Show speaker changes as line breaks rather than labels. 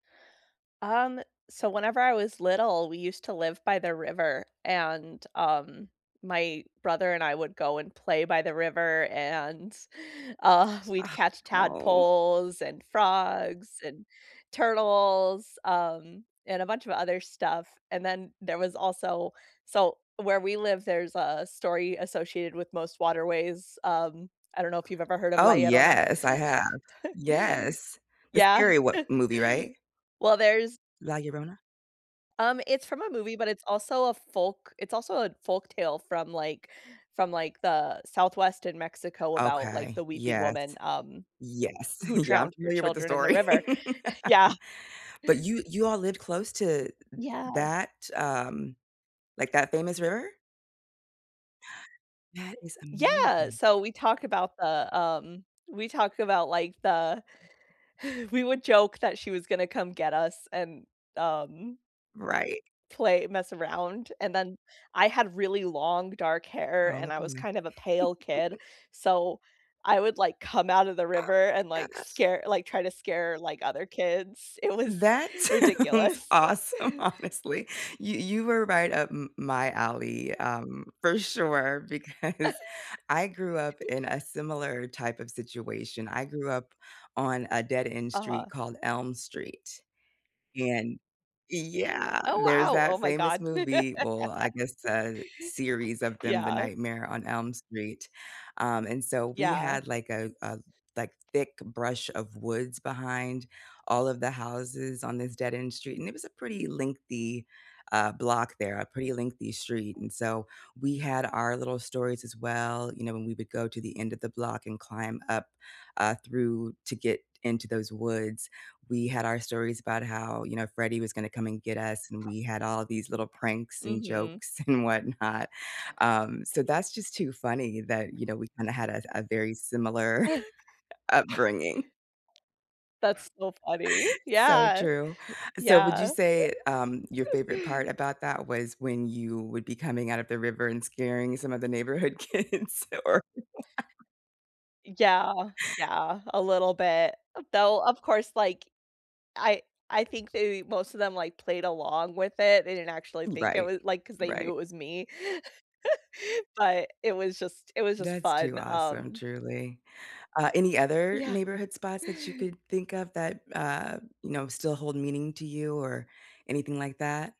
Um, so whenever I was little, we used to live by the river, and, um, my brother and I would go and play by the river and, uh, we'd catch
No.
tadpoles and frogs and turtles, um, and a bunch of other stuff. And then there was also so where we live, there's a story associated with most waterways, um, I don't know if you've ever heard of La
Oh
Llorona.
yes, I have. Yes. The
Yeah.
scary what movie, right?
Well, there's
La Llorona.
Um, it's from a movie, but it's also a folk it's also a folk tale from like from like the southwest in Mexico about like
Okay,
the weeping
yes.
woman, um,
Yes,
who
yeah, I'm
drowned her
familiar with the
children in the
story.
river, yeah.
But you you all lived close to
Yeah.
that, um, like that famous river? That is
Yeah,
amazing.
so we talk about the, um, we talk about like the we would joke that she was gonna come get us and, um
Right.
play mess around. And then I had really long dark hair
Oh
and I was
boy.
kind of a pale kid. So I would like come out of the
Oh
river
my
and like
gosh.
scare like try to scare, like, other kids. It was
That sounds
ridiculous.
awesome, honestly. You you were right up m my alley, um, for sure, because I grew up in a similar type of situation. I grew up on a dead-end street
Uh-huh.
called Elm Street. And yeah,
Oh
there's
wow.
that
Oh my
famous
god.
movie, well, I guess uh series of them, The
Yeah.
Nightmare on Elm Street, um, and so we
Yeah.
had like a a like thick brush of woods behind all of the houses on this dead-end street, and it was a pretty lengthy, uh, block there, a pretty lengthy street, and so we had our little stories as well, you know, when we would go to the end of the block and climb up, uh, through to get into those woods, we had our stories about how, you know, Freddie was gonna come and get us, and we had all these little pranks and
Mhm.
jokes and whatnot. Um, so that's just too funny that, you know, we kinda had a a very similar upbringing.
That's so funny,
So
yeah,
true. So would you
yeah.
say, um, your favorite part about that was when you would be coming out of the river and scaring some of the neighborhood kids or
Yeah, yeah, a little bit, though, of course, like, I I think they most of them like, played along with it, they didn't actually think it
Right,
was like, 'cause they knew
right.
it was me. But it was just it was just
That's too
fun,
awesome,
um
truly. Uh, any other
Yeah.
neighborhood spots that you could think of that, uh, you know, still hold meaning to you or anything like that?